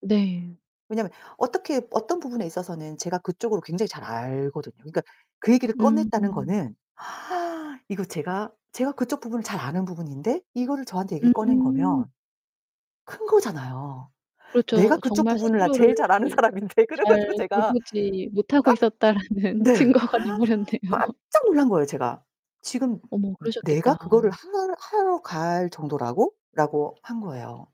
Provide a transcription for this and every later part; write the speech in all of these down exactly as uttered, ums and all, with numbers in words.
네. 왜냐면 어떻게 어떤 부분에 있어서는 제가 그쪽으로 굉장히 잘 알거든요. 그니까 그 얘기를 꺼냈다는 음. 거는 이거 제가 제가 그쪽 부분을 잘 아는 부분인데 이거를 저한테 얘기를 꺼낸 음. 거면 큰 거잖아요. 내가 그렇죠. 그쪽 정말 부분을 나는 스스로를 제일 잘 아는 사람인데 그래 가지고 잘 제가 깜 돌보지 못하고 있었다라는 네. 증거가 돼버렸네요. 깜짝 놀란 거예요 제가. "지금 어머 내가 그러셨겠다. 그거를 하 하러 갈 정도라고?"라고 한 거예요.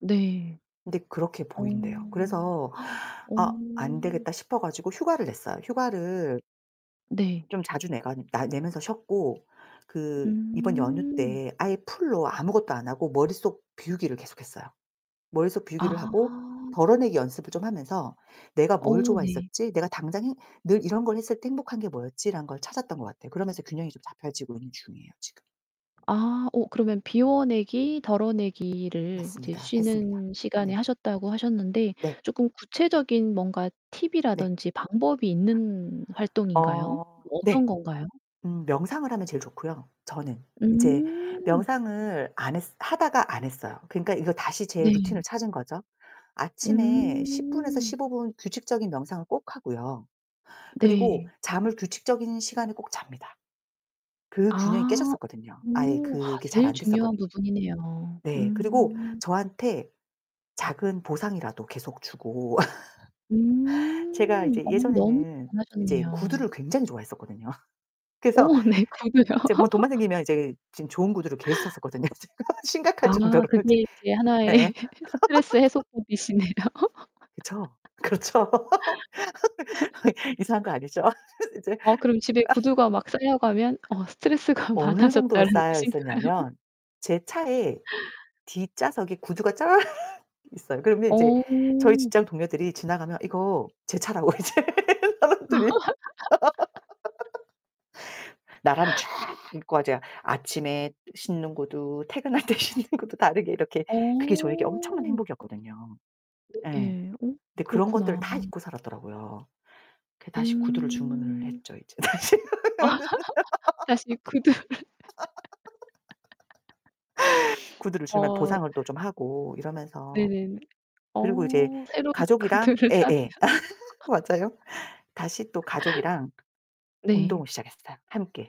네. 근데 그렇게 어. 보인대요. 그래서 어. 아 안되겠다 싶어 가지고 휴가를 냈어요. 휴가를 네. 좀 자주 내간 나 내면서 쉬었고 그 이번 연휴 음. 때 아예 full로 아무것도 안 하고 머릿속 비우기를 계속했어요. 머릿속 비우기를 하고 아. 덜어내기 연습을 좀 하면서 '내가 뭘 어 네. 좋아했었지? 내가 당장 행 늘 이런 걸 했을 때 행복한 게 뭐였지?'라는 걸 찾았던 것 같아요. 그러면서 균형이 좀 잡혀지고 있는 중이에요, 지금. 아 어 그러면 비워내기, 덜어내기를 이제 맞습니다. 했습니다. 쉬는 시간에 네. 하셨다고 하셨는데 네. 쪼끔 구체적인 뭔가 네. 팁이라든지 방법이 있는 활동인가요? 어 어떤 네. 건가요? 음 명상을 하면 제일 좋고요, 저는. 이제 음. 명상을 안 했 하다가 안 했어요. 그러니까 이거 다시 제 루틴을 네. 찾은 거죠. 아침에 십 분에서 음. 십오 분 규칙적인 명상을 꼭 하고요 그리고 네. 잠을 규칙적인 시간에 꼭 잡니다. 그 균형이 아. 깨졌었거든요. 아예 음. 그게 잘 제일 중요한 안됐었거든요. 부분이네요. 네, 그리고 음. 저한테 작은 보상이라도 계속 주고 제가 음 이제 어 너무 예전에는 이제 잘하셨네요. 구두를 굉장히 좋아했었거든요. 그래서 어, 네, 구두요. 이제 뭐 돈만 생기면 이제 지금 좋은 구두를 계속 샀었거든요. 심각할 아 정도로 이제. 그게 이제 하나의 예예. 스트레스 해소법이시네요. 그쵸. 그렇죠. 이상한 거 아니죠? 아 이제 어 아. 그럼 집에 구두가 막 쌓여가면 어 어 스트레스가 어느 정도로 많아졌다라는 쌓여 뜻인가요? 있었냐면 제 차에 뒷좌석에 구두가 쫙 있어요. 그러면 이제 저희 어. 직장 동료들이 지나가면 이거 제 차라고 이제 사람들이 나란히 쫙 입고 이제 아침에 신는 구두 퇴근할 때 신는 구두 다르게 이렇게 그게 저에게 엄청난 어. 행복이었거든요. 예. 예예. 어 근데 그런 것들을 그렇구나. 다 잊고 살았더라고요. 그래서 다시 구두를 주문을 음. 했죠, 이제. 다시. 다시 구두를 구두를 주면 어. 보상을 또 좀 하고 이러면서 네네. 그리고 이제 어, 새로운 가족이랑 구두를 사면 예예. 맞아요. 다시 또 가족이랑 운동을 네. 시작했어요 함께.